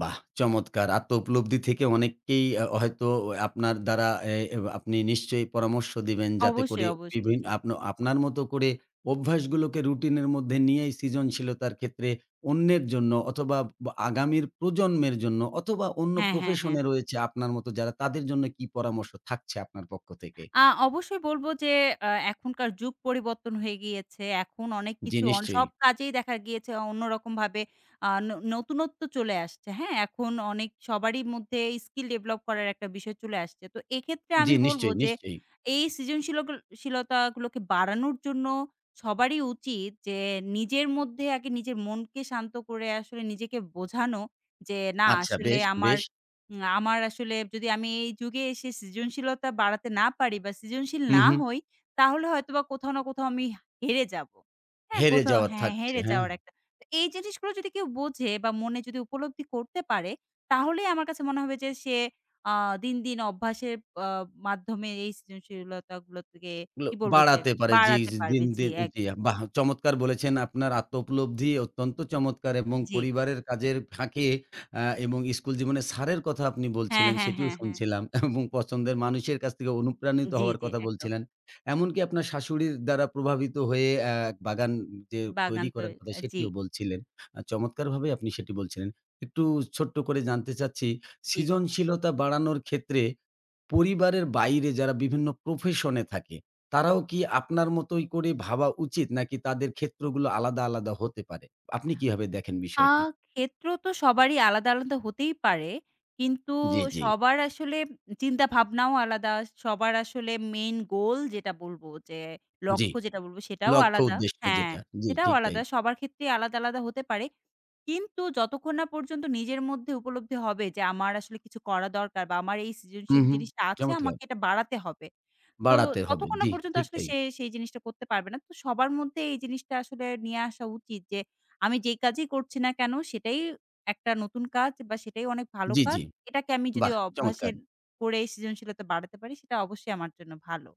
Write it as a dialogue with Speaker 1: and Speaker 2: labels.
Speaker 1: বাহ! চমৎকার। আত্মউপলব্ধি থেকে অনেককেই আ হয়তো আপনার দ্বারা এ আপনি নিশ্চয়ই পরামর্শ দিবেন। যাতে
Speaker 2: অবশ্যই,
Speaker 1: করে
Speaker 2: অবশ্যই,
Speaker 1: বিভি
Speaker 2: জী।
Speaker 1: আপন আপনার মত করে অভ্যাসগুলোকে রুটিনের মধ্যে নিয়েই সৃজনশীলতার ক্ষেত্রে। অন্যের জন্য অথবা ব আগামীর প্রজন্মের জন্য অথবা অন্য
Speaker 2: হ্যাঁ, হ্যাঁ,
Speaker 1: প্রফেশন
Speaker 2: হ্যাঁ।
Speaker 1: এ রয়েছে আপনার মত যারা। তাদের জন্য কী পরামর্শ থাকছে আপনার পক্ষ থেকে?
Speaker 2: আ অবশ্যই বলবো যে, এ এখনকার যুগ পরিবর্তন হয়ে গিয়েছে। এখন অনেক
Speaker 1: জী,
Speaker 2: কিছু অন সব
Speaker 1: নিশ্চয়ই।
Speaker 2: কাজেই দেখা গিয়েছে। অন্যরকমভাবে আ ন নতুনত্ব চলে আসছে, হ্যাঁ? এখন অনেক সবারই মধ্যে স্কিল ডেভেলপ করার একটা বিষয় চলে আসছে। তো এক্ষেত্রে
Speaker 1: জী,
Speaker 2: আমি বলব
Speaker 1: নিশ্চয়ই,
Speaker 2: যে
Speaker 1: নিশ্চয়ই।
Speaker 2: এই সৃজনশীলকল শিলতাগুলোকে বাড়ানোর জন্য সবারই উচিত। যে নিজের মধ্যে আগে নিজের মনকে শান্ত করে আসলে নিজেকে বোঝানো। যে না,
Speaker 1: আচ্ছা,
Speaker 2: আসলে
Speaker 1: বেশ,
Speaker 2: আমার
Speaker 1: বেশ।
Speaker 2: উম আমার আসলে যদি আমি এই যুগে এসে সৃজনশীলতা বাড়াতে না পারি বা সৃজনশীল
Speaker 1: হুম,
Speaker 2: না
Speaker 1: হুম।
Speaker 2: হই। তাহলে হয়তোবা কোথাও না কোথাও আমি হা হেরে যাবো, হ্যাঁ?
Speaker 1: হেরে
Speaker 2: কোথাও
Speaker 1: যাওয়া
Speaker 2: হ্যাঁ,
Speaker 1: থাকছে,
Speaker 2: হেরে
Speaker 1: হ্যাঁ।
Speaker 2: যাওয়ার একটা। এই জিনিসগুলো যদি কেউ বোঝে বা মনে যদি উপলব্ধি করতে পারে। তাহলেই আমার কাছে মনে হবে যে সে আ দিন, দিন অভ্যাসের আ মাধ্যমে এই সৃজনশীলতা গুলা থেকে
Speaker 1: এগুলো
Speaker 2: কি বলবো? যে
Speaker 1: বাড়াতে পারে জী,
Speaker 2: বাড়াতে পারবে। জী,
Speaker 1: দিনদিন
Speaker 2: একদম।
Speaker 1: জী। বাহ! চমৎকার বলেছেন। আপনার আত্মোপলব্ধি অত্যন্ত চমৎকার এবং
Speaker 2: জী।
Speaker 1: পরিবারের কাজের ফাঁকে আ এবং স্কুল জীবনে স্যারের কথা আপনি
Speaker 2: হ্যাঁ,
Speaker 1: বলছিলেন।
Speaker 2: হ্যাঁ,
Speaker 1: সেটিও
Speaker 2: হ্যাঁ, হ্যাঁ।
Speaker 1: শুনছিলাম এবং পছন্দের মানুষের কাছ থেকে অনুপ্রাণিত
Speaker 2: জী,
Speaker 1: হওয়ার
Speaker 2: জী,
Speaker 1: কথা
Speaker 2: একদম।
Speaker 1: বলছিলেন। এমনকি আপনার শাশুড়ির দ্বারা প্রভাবিত হয়ে অ্যা বাগান যে
Speaker 2: বাগান
Speaker 1: তৈরি
Speaker 2: তো
Speaker 1: করার কথা
Speaker 2: আ জী।
Speaker 1: সেটিও বলছিলেন। আ চমৎকারভাবে আপনি সেটি বলছিলেন। একটু ছোট্ট করে জানতে চাচ্ছি,
Speaker 2: জী।
Speaker 1: সৃজনশীলতা বাড়ানোর ক্ষেত্রে পরিবারের বাইরে যারা বিভিন্ন প্রফেশন এ থাকে। তারাও কি আপনার মতই করে ভাবা উচিত? নাকি তাদের ক্ষেত্রগুলো আলাদা, আলাদা হতে পারে? আপনি কিভাবে দেখেন
Speaker 2: আ
Speaker 1: বিষয়টি?
Speaker 2: ক্ষেত্র তো সবারই আলাদা, আলাদা হতেই পারে। কিন্তু
Speaker 1: জী, জী।
Speaker 2: সবার আসলে চিন্তাভাবনাও আলাদা। সবার আসলে মেইন গোল যেটা বলবো, যে
Speaker 1: জী,
Speaker 2: লক্ষ্য যেটা বলব সেটাও
Speaker 1: লক্ষ্য
Speaker 2: আলাদা
Speaker 1: উদ্দেশ্য
Speaker 2: হ্যাঁ,
Speaker 1: যেটা। জী,
Speaker 2: সেটাও
Speaker 1: ঠিক তাই।
Speaker 2: আলাদা। সবার ক্ষেত্রেই আলাদা, আলাদা হতে পারে। কিন্তু যতক্ষণ না পর্যন্ত নিজের মধ্যে উপলব্ধি হবে। যে আমার আসলে কিছু করা দরকার বা আমার এই
Speaker 1: হুম,
Speaker 2: সৃজনশীল
Speaker 1: হুম।
Speaker 2: জিনিসটা আছে।
Speaker 1: চমৎকার!
Speaker 2: আমাকে এটা বাড়াতে হবে। তো
Speaker 1: বাড়াতে হবে।
Speaker 2: ততক্ষণ না
Speaker 1: জী,
Speaker 2: পর্যন্ত
Speaker 1: ঠিক
Speaker 2: আসলে
Speaker 1: তাই।
Speaker 2: সে সেই জিনিসটা করতে পারবে না। তো সবার মধ্যে এই জিনিসটা আসলে নিয়ে আসা উচিত। যে আমি যেই কাজই করছি না কেন। সেটাই একটা নতুন কাজ বা সেটাই অনেক ভালো
Speaker 1: জী,
Speaker 2: কাজ।
Speaker 1: জী।
Speaker 2: এটাকে আমি যদি
Speaker 1: বাহ!
Speaker 2: অভ্যাসের
Speaker 1: চমৎকার!
Speaker 2: করেই সৃজনশীলতা বাড়াতে পারি। সেটা অবশ্যই আমার জন্য ভালো।